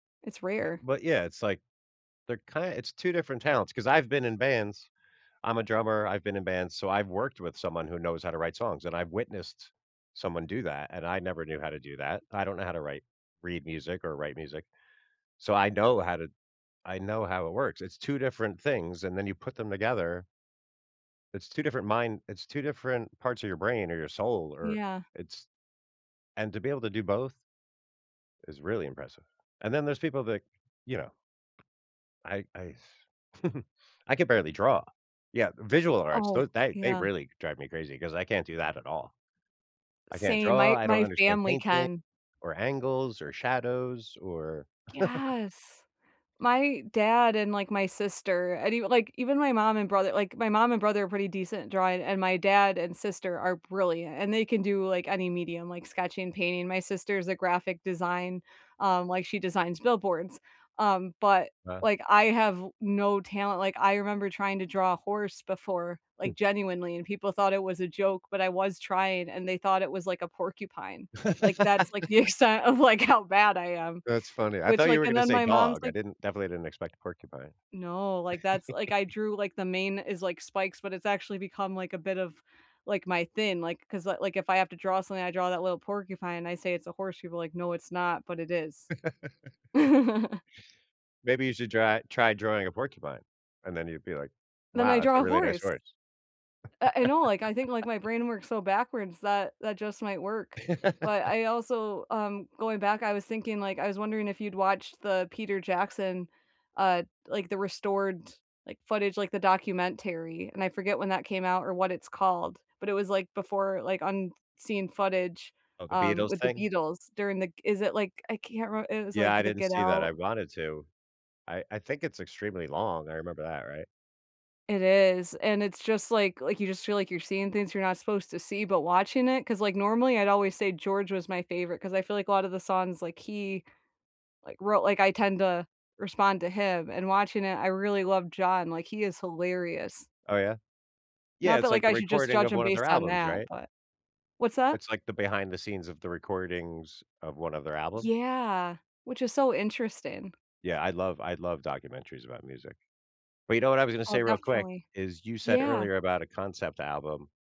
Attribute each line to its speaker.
Speaker 1: It's
Speaker 2: Eh
Speaker 1: rare.
Speaker 2: but yeah, it's, like, they're kind it's 2 different talents, 'cause I've been in bands- I'm a drummer, I've been in bands, so I've worked with someone who knows how to write songs and I've witnessed someone do that, and I never knew how to do that. I don't know how to write read music or write music. So, I know how to I know how it works, it's 2 different things, and then you put them together It's 2 different mind it's 2 different parts of your brain, or your soul, or
Speaker 1: Yeah.
Speaker 2: it's and to be able to do both is really impressive. And then there's people that, you know I I I can barely draw. Yeah, visual arts,
Speaker 1: Oh,
Speaker 2: those that they
Speaker 1: yeah.
Speaker 2: really drive me crazy 'cause I can't do that at all. I can't
Speaker 1: Same,
Speaker 2: draw,
Speaker 1: my
Speaker 2: I don't
Speaker 1: my
Speaker 2: understand
Speaker 1: family
Speaker 2: painting,
Speaker 1: can
Speaker 2: or angles, or shadows, or
Speaker 1: Yes. My dad and, like, my sister, and even like, even my mom and brother like, my mom and brother are pretty decent at drawing, and my dad and sister are brilliant, and they can do, like, any medium, like sketching, painting, my sister's a graphic design, um like, she designs billboards, um, but,
Speaker 2: Huh.
Speaker 1: like, I have no talent like, I remember trying to draw a horse before,
Speaker 2: Hm.
Speaker 1: like, genuinely, and people thought it was a joke, but I was trying, and they thought it was like a porcupine, like, that's, like, the extent of, like, how bad I am.
Speaker 2: That's funny, I thought
Speaker 1: Which,
Speaker 2: you
Speaker 1: like,
Speaker 2: were
Speaker 1: and
Speaker 2: gonna
Speaker 1: then
Speaker 2: say,
Speaker 1: my mom's
Speaker 2: dog, I
Speaker 1: like
Speaker 2: didn't definitely didn't expect, porcupine.
Speaker 1: No, like, that's like, I drew, like, the main is like, spikes, but it's actually become like a bit of, like, my thing, like 'cause, like, if I have to draw something, I draw that little porcupine and I say, "It's a horse." People are like, "No, it's not," but it is.
Speaker 2: Maybe you should dry try drawing a porcupine, and then you'd be like,
Speaker 1: Then I
Speaker 2: "Wow, that's
Speaker 1: draw
Speaker 2: a
Speaker 1: a
Speaker 2: really nice
Speaker 1: horse.
Speaker 2: horse."
Speaker 1: Uh, I know, like, I think, like, my brain works so backwards, that that just might work. But I also, um, going back, I was thinking, like, I was wondering if you'd watched the Peter Jackson, uh, like, the restored, like, footage, like, the documentary? And I forget when that came out or what it's called. But, it was, like, before, like, unseen footage,
Speaker 2: Oh, the
Speaker 1: um,
Speaker 2: Beatles
Speaker 1: with the
Speaker 2: thing?
Speaker 1: Beatles during the g is it, like, I can't remem it was,
Speaker 2: Yeah.
Speaker 1: like,
Speaker 2: I
Speaker 1: the
Speaker 2: didn't
Speaker 1: Get
Speaker 2: see that, I
Speaker 1: Out?
Speaker 2: wanted to. I I think it's extremely long, I remember that, right?
Speaker 1: It is, and, it's just, like like, you just feel like you're seeing things you're not supposed to see, but watching it. 'Cause, like, normally I'd always say George was my favorite, 'cause I feel like a lot of the songs, like he, like, wrote like, I tend to respond to him and watching it, I really love John, like, he is hilarious.
Speaker 2: Oh, yeah? Yeah,
Speaker 1: Not that,
Speaker 2: it's like
Speaker 1: like,
Speaker 2: the
Speaker 1: I should just
Speaker 2: recording
Speaker 1: judge
Speaker 2: of
Speaker 1: him
Speaker 2: one of their
Speaker 1: based on
Speaker 2: albums,
Speaker 1: that,
Speaker 2: right?
Speaker 1: but What's that?
Speaker 2: It's, like, the behind the scenes of the recordings of one of their albums?
Speaker 1: Yeah, which is so interesting.
Speaker 2: Yeah, I love I love documentaries about music. But, you know what I was gonna
Speaker 1: Oh,
Speaker 2: say, real quick,
Speaker 1: definitely.
Speaker 2: is you said
Speaker 1: Yeah.
Speaker 2: earlier about a concept album.